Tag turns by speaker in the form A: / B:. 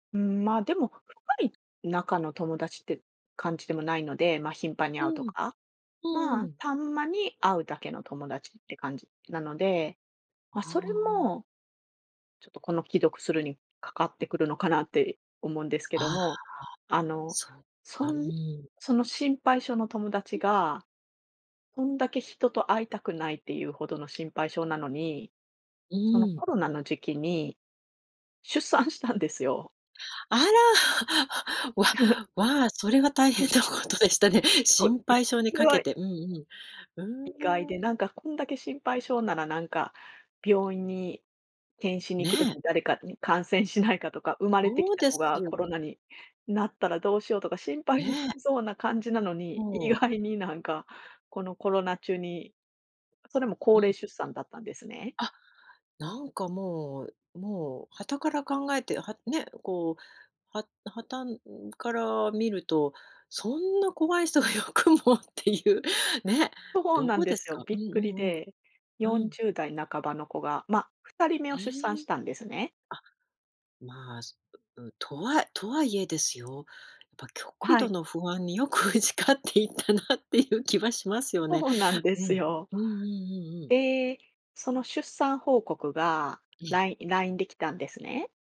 A: うーん、ま、でも深い仲の友達って感じでもないので、ま頻繁に
B: う
A: 会うと
B: んうん。
A: か、
B: うんう
A: ま
B: んう
A: あ、
B: ん。
A: たんまに会うだけの友達って感じなので、
B: あ
A: ま、それ
B: あ。
A: もちょっとこの既読スルーにかかってくるのかなって思うんですけど
B: ああ。
A: も、あの
B: そっ
A: そ
B: か、う
A: ん
B: ん。
A: その心配性の友達
B: ん。
A: がこんだけ人と会いたくないっていうほどの心配性なのに、
B: う
A: その
B: ん。
A: コロナの時期に出産したんですよ。
B: あら。わ、わあ、それは大
A: う
B: 変
A: ん。
B: なことでしたね。
A: そう。
B: 心配性に
A: それ
B: かけ
A: は
B: て、うんうん。
A: 意外
B: うーん。
A: で、なんかこんだけ心配性ならなんか病院に検診に行く時
B: ね。
A: に誰かに感染しないかとか、生まれて
B: そ
A: き
B: う
A: た
B: で
A: 子
B: す
A: が
B: よ。
A: コロナになったらどうしようとか、心配し
B: ねえ。
A: そうな感じなのに、意
B: もう。
A: 外になんかこのコロナ中にそれも高
B: う
A: 齢
B: ん。
A: 出産だったんですね。
B: あ、なんかもう、もう傍から考えて、はね、こうは傍から見ると、そんな怖い人がよくもっていう、ね、
A: そう
B: ど
A: なん
B: う
A: で
B: です
A: すよ。
B: か？う
A: び
B: ん
A: っく
B: う
A: り
B: んうん、
A: で。よ
B: う
A: ん
B: ん。
A: じゅうだい半ばの子が、ま、2人目を
B: え
A: 出産し
B: え。
A: たんですね。
B: あ。まあ、とはとはいえですよ、やっぱ極
A: は
B: 度
A: い。
B: の不安によく打ち勝っていたなっていう気はしますよね。
A: そうなんで
B: うん、
A: すよ。
B: うんうんうんうん。
A: で、その出産報告が
B: ええ。
A: ライラインできたんですね。